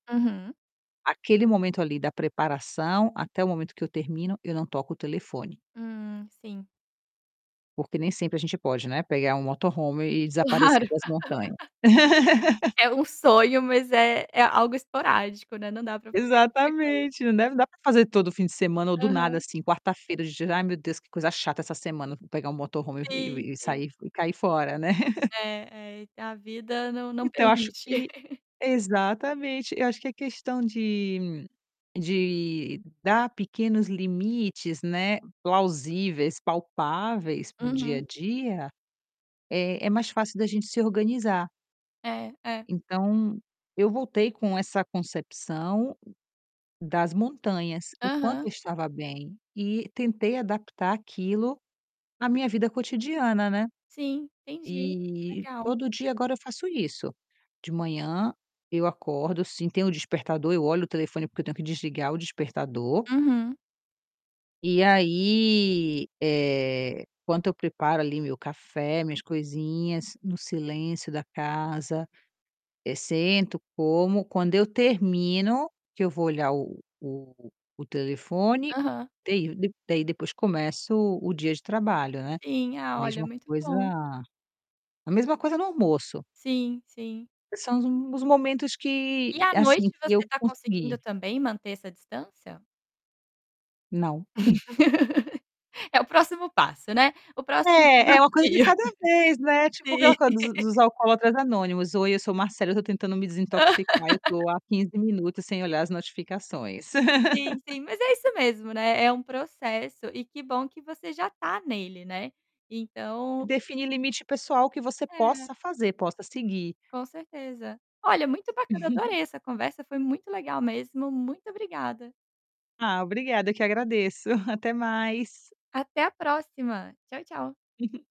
Uhum. Aquele momento ali da preparação até o momento que eu termino eu não toco o telefone. Hum, sim. Porque nem sempre a gente pode, né, pegar um motorhome e Claro. desaparecer para as montanhas. É um sonho, mas é é algo esporádico, né, não dá pra fazer com frequência. Exatamente, né, não deve dar pra fazer todo fim de semana ou do nada, Aham. assim, quarta-feira, ge "Ai, meu Deus, que coisa chata essa semana! Vou pegar um motorhome e o Sim, e sim. sair f e cair fora", né? É, é, é que a vida não não Então, eu acho permite. que Exatamente, eu acho que a questão de de dar pequenos limites, né, plausíveis, palpáveis para o dia a Uhum. dia é é mais fácil da gente se organizar. É, é. Então, eu voltei com essa concepção das montanhas. O quanto Aham. eu estava bem e tentei adaptar aquilo à minha vida cotidiana, né, Sim, entendi. Que e legal. todo dia agora eu faço isso. De manhã eu acordo, assim, tenho o despertador, eu olho o telefone porque eu tenho que desligar o despertador. Uhum. E aí, eh, enquanto eu preparo ali meu café, minhas coisinhas, no silêncio da casa, eh, sento, como, quando eu termino, que eu vou olhar o o o telefone, Aham. [unintelligible] daí depois começo o dia de trabalho, né. Sim. A Ah, olha, mesma muito coisa bom. a mesma coisa no almoço. Sim, sim. São os m os momentos E que à noite assim, que você eu tá conseguindo consegui. também manter essa distância? Não. É o próximo passo, né, o próximo É, é uma coisa de desafio. cada vez, né, tipo Sim. aquela coisa dos dos alcoólatras anônimos: "Oi, eu sou Marcella, eu tô tentando me desintoxicar. Eu tô há 15 minutos sem olhar as notificações". Sim, sim, mas é isso mesmo, né, é um processo e que bom que você já tá nele, né. Então Define limite pessoal que você É. possa fazer, possa seguir. Com certeza. Olha, muito bacana. Adorei essa conversa, foi muito legal mesmo. Muito obrigada. Ah, obrigada, eu que agradeço. Até mais. Até a próxima. Tchau, tchau.